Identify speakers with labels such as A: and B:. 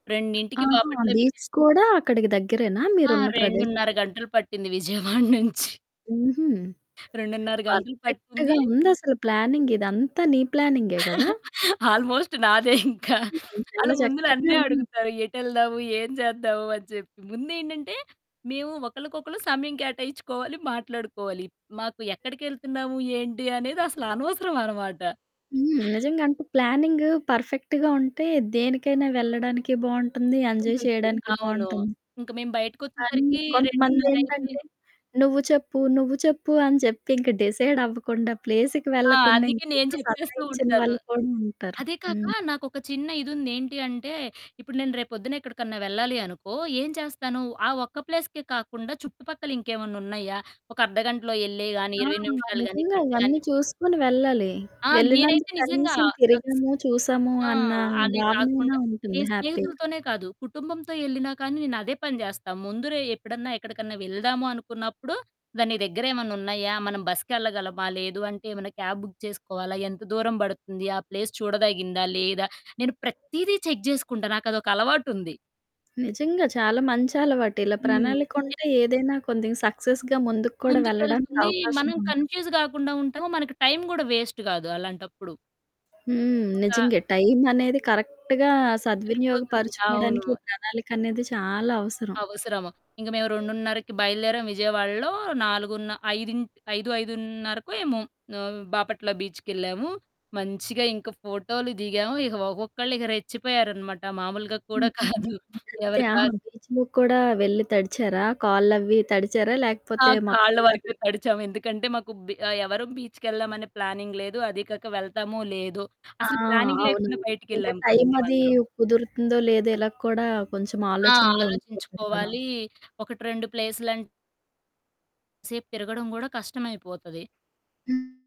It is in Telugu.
A: 2కి
B: ఆహా!
A: బాపట్ల బీచ్
B: బీచ్ కూడా అక్కడికి దగ్గరేనా
A: ఆ!
B: మీరున్న ప్రదేశానికి?
A: 2:30 గంటలు పట్టింది, విజయవాడ నుంచి.
B: హుహు.
A: 2:30 గంటలు
B: పర్ఫెక్ట్‌గా
A: పట్టింది
B: ఉందసలు ప్లానింగ్ ఇదంతా నీ ప్లానింగే కదా!
A: ఆల్మోస్ట్ నాదే ఇంకా.
B: హుహు.
A: ఆళ్ళు
B: చాలా
A: ముందు
B: చక్కక్కగా
A: నన్నే
B: ఉ
A: అడుగుతారు, "ఎటెళ్దాము? ఏం చేద్దాము?" అని చెప్పి. ముందేంటంటే, మేము ఒకళ్ళకొకళ్ళు సమయం కేటాయించుకోవాలి, మాట్లాడుకోవాలి. మాకు ఎక్కడికెళ్తున్నాము? ఏంటి? అనేది అసలు అనవసరం అనమాట.
B: హ్మ్. నిజంగా అంటే ప్లానింగు పర్ఫెక్ట్‌గా ఉంటే, దేనికైనా వెళ్లడానికి బావుంటుంది. ఎంజాయ్
A: ఉంటుంది.
B: చేయడానికి
A: అవును.
B: బావుంటుంది.
A: ఇంక మేము
B: కానీ
A: బయటికొచ్చేసరికి 2:30 అయితే
B: కొంతమందేంటంటే, "నువ్వు చెప్పు, నువ్వు చెప్పు," అని చెప్పి ఇంకా డిసైడ్ అవ్వకుండా ప్లేస్‌కి
A: ఆ!
B: వెళ్లకుండా
A: అందుకే నేను
B: ఇంకా
A: చెప్పేస్తూ
B: సతాయించిన
A: ఉంటాను.
B: వాళ్ళు కూడా ఉంటారు.
A: అదే కాక,
B: హ్మ్.
A: నాకొక చిన్న ఇది ఉంది. ఏంటంటే, ఇప్పుడు నేను రేపు పొద్దున ఎక్కడికన్నా వెళ్లాలి అనుకో, ఏం చేస్తాను? ఆ ఒక్క ప్లేస్‌కే కాకుండా, చుట్టుపక్కల ఇంకేమన్నా ఉన్నాయా? ఒక అర్థగంటలో ఎల్లేయి గానీ,
B: ఆ!
A: 20 నిమిషాలు గానీ,
B: నిజంగా,
A: గంట గానీ
B: ఇవన్నీ చూసుకొని వెళ్లాలి.
A: ఆ! నేనైతే
B: వెళ్లినందుకు
A: నిజంగా,
B: కనీసం తిరిగాము, చూసాము
A: ఆ!
B: అన్న
A: అది
B: భావనైనా
A: కాకుండా
B: ఉంటుంది,
A: నేను
B: హ్యాపీగా.
A: స్నేహితులతోనే కాదు, కుటుంబంతో వెళ్లినా కానీ, నేనదే పని చేస్తా. ముందురోజే ఎప్పుడన్నా ఎక్కడికన్నా వెళ్దాము అనుకున్నప్పుడు, దాని దగ్గరేమన్నా ఉన్నాయా? మనం బసుకెళ్లగలమా? లేదు అంటే ఏమన్నా క్యాబ్ బుక్ చేసుకోవాలా? ఎంత దూరం పడుతుంది? ఆ ప్లేస్ చూడదగిందా లేదా? నేను ప్రతీదీ చెక్ చేసుకుంటా. నాకదొక అలవాటుంది.
B: నిజంగా చాలా మంచి అలవాటు. ఇలా
A: హ్మ్.
B: ప్రణాళిక ఉంటే, ఏదైనా కొద్దిగా సక్సెస్‌‌గా ముందుకు కూడా వెళ్లడానికి
A: ముందుకెళ్తుంది.
B: అవకాశం
A: మనం
B: ఉంటూ
A: కన్ఫ్యూజ్ గాకుండా ఉంటాము. మనకి టైం కూడా వేస్ట్ గాదు అలాంటప్పుడు.
B: హ్మ్.
A: ఇంకా
B: నిజంగే. టైం అనేది కరెక్ట్‌గా
A: సరిపోతుంది. అవును.
B: సద్వినియోగపరుచుకోవడానికి ప్రణాళిక అనేది చాలా అవసరం.
A: అవసరం. ఇంక మేము 2:30కి బయలుదేరాం విజయవాడలో. నాలుగున్న ఐదింట్ 5, 5:30కో ఏమో! ఆహ్, బాపట్ల బీచుకెళ్లాము. మంచిగా ఇంక ఫోటోలు దిగాము. ఇక ఒక్కొక్కళ్ళు ఇగ రెచ్చిపోయారనమాట. మామూలుగా కూడా
B: హ్మ్, హ్మ్, హ్మ్,
A: కాదు.
B: అయితే
A: ఎవ్వరూ కా
B: ఆహా! బీచ్‌లో కూడా వెళ్లి తడిచారా? కాళ్ళవి తడిచారా?
A: ఆ!
B: లేకపోతే
A: కాళ్ళ
B: మొత్తంగా
A: వరకే
B: ద
A: తడిచాం. ఎందుకంటే మాకు బి ఆహ్, ఎవరం బీచ్‌కి ఏళ్దాం ప్లానింగ్ లేదు. అది కాక వెళ్తామో, లేదో,
B: ఆ!
A: అసలు ప్లానింగ్
B: అవును.
A: లేకుండా
B: ఇంకా
A: బయటికెళ్లాం కదా!
B: టైం అది
A: మేమందరం.
B: కుదురుతుందో, లేదో, ఇలా కూడా కొంచెం
A: ఆ!
B: ఆలోచనలో ఉండిపోతారు కదా!
A: ఆలోచించుకోవాలి. ఒకటి రెండు ప్లేసులంట్ సేపు తిరగడం గూడా కష్టమైపోతది.
B: హ్మ్.